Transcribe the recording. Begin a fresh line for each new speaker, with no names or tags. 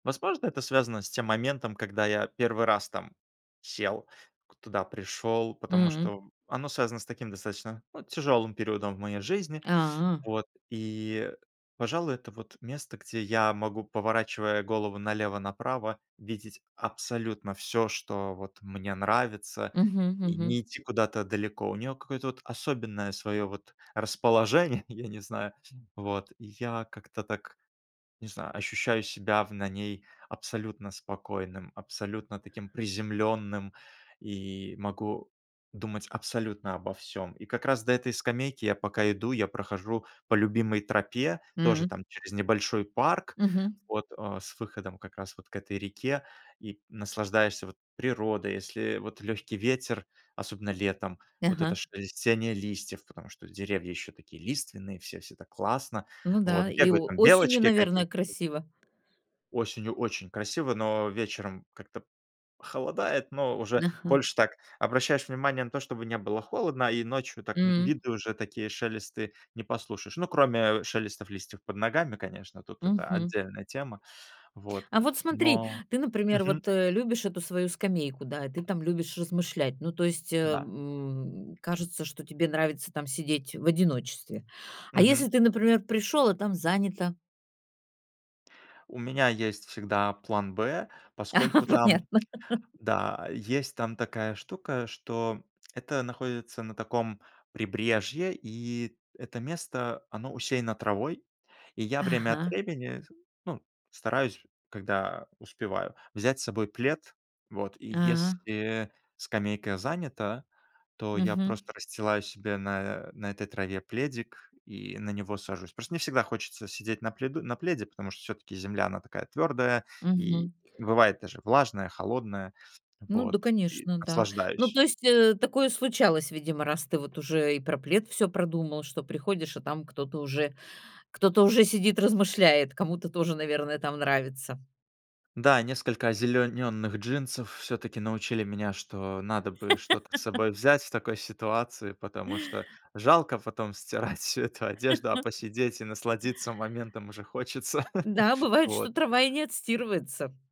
Возможно, это связано с тем моментом, когда я 1 раз там сел, к туда пришел, потому
М.
что, м, оно связано с таким достаточно, ну, тяжелым периодом в моей жизни.
А.
Вот и, пожалуй, это вот место, где я могу, поворачивая голову налево-направо, видеть абсолютно всё, что вот мне нравится.
Мгм.
И
Мгм.
не идти куда-то далеко. У нее какое-то вот особенное свое вот расположение, я не знаю, вот. Я как-то так, не знаю, ощущаю себя в на ней абсолютно спокойным, абсолютно таким приземленным, и могу думать абсолютно обо всём. И как раз до этой скамейки я пока иду, я прохожу по любимой тропе, тоже
М.
там через небольшой парк,
Мгм.
вот, а, с выходом как раз вот к этой реке, и наслаждаешься вот природой. Если вот легкий ветер, особенно летом, вот это
Ага.
шелестение листьев, потому что деревья еще такие лиственные все, всё так классно,
Ну
вот
да, и
бегают
о
там
осенью,
белочки
наверное,
какие-то.
красиво.
Осенью очень красиво, но вечером как-то холодает, но уже
Ага.
больше так обращаешь внимание на то, чтобы не было холодно, а, и ночью так, ну,
М.
виды уже такие, шелесты не послушаешь. Ну, кроме, а, шелестов листьев под ногами, конечно, тут это
Мгм.
отдельная тема. Вот,
А вот смотри,
но
ты, например,
Мгм.
вот, э, любишь эту свою скамейку, да, и ты там любишь размышлять. Ну, то есть, э,
Да.
м, кажется, что тебе нравится там сидеть в одиночестве. А если
Мгм.
ты, например, пришел, а там занято?
У меня есть всегда план Б, поскольку там,
Понятно.
да, а, есть там такая штука, что это находится на таком прибрежье, и это место- оно усеяно травой. И я время от
Ага.
времени с ну, стараюсь, когда успеваю, взять с собой плед. Вот, и
А.
если скамейка занята, то я
Мгм.
просто расстилаю себе на на этой траве пледик и на него сажусь. Просто не всегда хочется сидеть на пледу на пледе, потому что всё-таки земля- она такая твердая и
Мгм.
бывает даже влажная, холодная.
Ну
Вот,
да,
и
конечно, да. Ну,
наслаждаюсь.
то есть, э, такое случалось, видимо, раз ты вот уже и про плед всё продумал, что приходишь, а там кто-то уже, кто-то уже сидит, размышляет, кому-то тоже, наверное, там нравится.
Да, несколько озеленённых джинсов всё-таки научили меня, что надо бы что-то с собой взять в такой ситуации, потому что жалко потом стирать всю эту одежду, а посидеть и насладиться моментом уже хочется.
Да, бывает, что
Вот.
трава и не отстирывается.